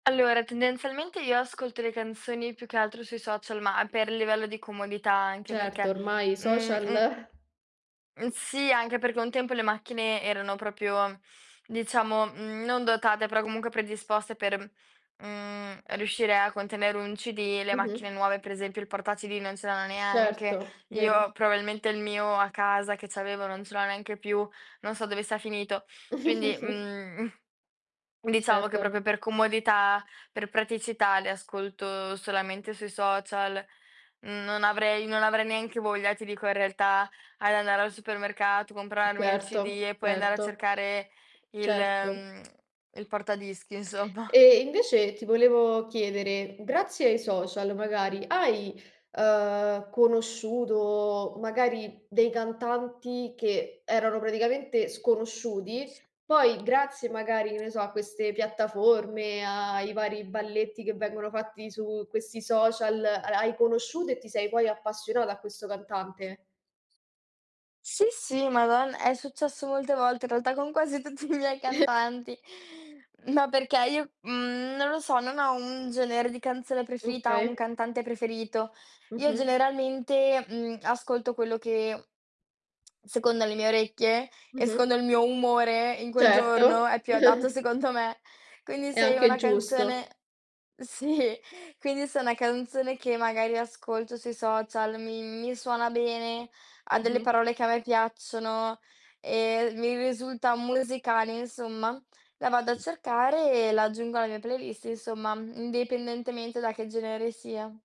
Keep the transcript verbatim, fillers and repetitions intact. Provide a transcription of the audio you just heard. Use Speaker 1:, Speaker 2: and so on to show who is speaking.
Speaker 1: Allora, tendenzialmente, io ascolto le canzoni più che altro sui social, ma per livello di comodità, anche
Speaker 2: Certo
Speaker 1: perché,
Speaker 2: ormai i
Speaker 1: mhmm
Speaker 2: social.
Speaker 1: mhmm, sì, anche perché un tempo le macchine erano propio diciamo, mhmm, non dotate, però comunque predisposte per, mhmm, riuscire a contenere un CD. Le macchine
Speaker 2: Mh-mh.
Speaker 1: nuove, per esempio, il porta CD non ce l'hanno neanche.
Speaker 2: Certo, vero.
Speaker 1: Io probabilmente il mio a casa che c'avevo non ce l'ho neanche più, non so dove sia finito. Quindi, mhmm, diciamo che
Speaker 2: Certo.
Speaker 1: propio per comodità, per praticità li ascolto solamente sui social. Mhmm, non avrei non avrei neanche voglia, ti dico, in realtà, ad andare al supermercato, comprarmi il CD
Speaker 2: Certo,
Speaker 1: e poi andare a
Speaker 2: certo.
Speaker 1: cercare il
Speaker 2: Certo.
Speaker 1: mhmm, il porta dischi, insomma.
Speaker 2: E invece ti volevo chiedere, grazie ai social, magari, hai, ehm, conosciuto magari dei cantanti che erano praticamente sconosciuti?
Speaker 1: S
Speaker 2: Poi grazie magari, che ne so, a queste piattaforme, ai vari balletti che vengono fatti su questi social, ha hai conosciuto e ti sei poi appassionata a questo cantante?
Speaker 1: Sì, sì, madon è successo molte volte in realtà con quasi tutti i miei cantanti. Ma perché io, mhmm, non lo so, non ho un genere di canzone preferita o un
Speaker 2: Okay.
Speaker 1: cantante preferito. Io,
Speaker 2: Mh-mh.
Speaker 1: generalmente, mhmm, ascolto quello che, secondo le mie orecchie e
Speaker 2: Mh-mh.
Speaker 1: secondo il mio umore, in quel giorno
Speaker 2: Certo.
Speaker 1: è più adatto secondo me. Quindi
Speaker 2: È
Speaker 1: se
Speaker 2: anche
Speaker 1: una canzone
Speaker 2: giusto.
Speaker 1: sì, quindi se una canzone che magari ascolto sui social, mi mi suona bene, ha delle
Speaker 2: Mh-mh.
Speaker 1: parole che a me piacciono e mi risulta musicale, insomma, la vado a cercare e la aggiungo alla mia playlist, insomma, indipendentemente da che genere sia.